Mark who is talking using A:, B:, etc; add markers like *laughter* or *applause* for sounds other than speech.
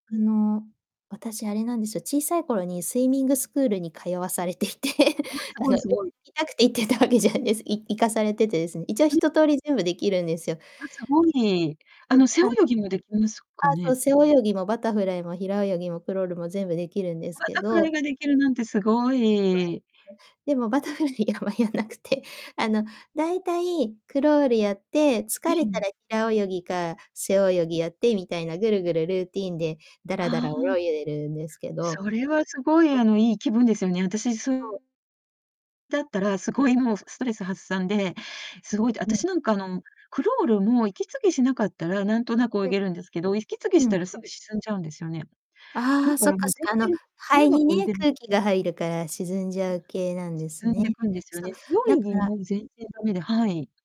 A: あの、私、あれなんですよ、小さい頃にスイミングスクールに通わされていて、*chuckles*
B: あ、す
A: あ
B: ご
A: の、
B: い
A: よ
B: す
A: *unintelligible*
B: ごい。
A: 行きたくて行ってたわけじゃあです。い行かされて、です。一応、ひ
B: ん。
A: ととおり、全部できるんですよ。
B: あ、すごい。あ
A: そ
B: の、
A: う、
B: 背泳
A: あの
B: ぎもできますか
A: あ、そう、
B: ね？
A: 背泳ぎもバタフライも平泳ぎもクロールも全部できるんです
B: バ
A: け
B: タフライ
A: ど
B: ができるなんてすご
A: こ
B: い。
A: わくて、でも、バタフライやはやんなくて、あの、だいたい、クロールやって、
B: え、
A: 疲
B: う
A: れた
B: ん。
A: ら平泳ぎか背泳ぎやって、みたいな、ぐるぐる、ルーティーンでだらだ
B: あ
A: ら
B: あ。
A: 泳いでるんですけど。
B: それはすごい、
A: そ。
B: あの、いい気分ですよね。あたし、そう
A: そう。
B: だったら、すごい、もう、すストレス発散で、凄いって、あ
A: う
B: たし
A: ん。
B: なんか、あの、クロールも息継ぎしなかったらなんとなく泳
A: え。
B: げるんですけど、息継ぎ
A: う
B: した
A: ん。
B: らすぐ沈んじゃうんですよね。
A: あ
B: だ
A: あ、
B: か
A: そっ
B: らも
A: か
B: う
A: そっか。あの、
B: 全然
A: 肺
B: 長
A: に
B: く泳
A: ね、
B: げない。
A: 空気が入るから沈んじ
B: あ。
A: ゃう系なんです
B: 沈ん
A: ね。
B: でくんですよ
A: そ
B: ね。
A: う、
B: 背
A: だ
B: 泳
A: か
B: ぎ
A: ら
B: も全然だめで、はい。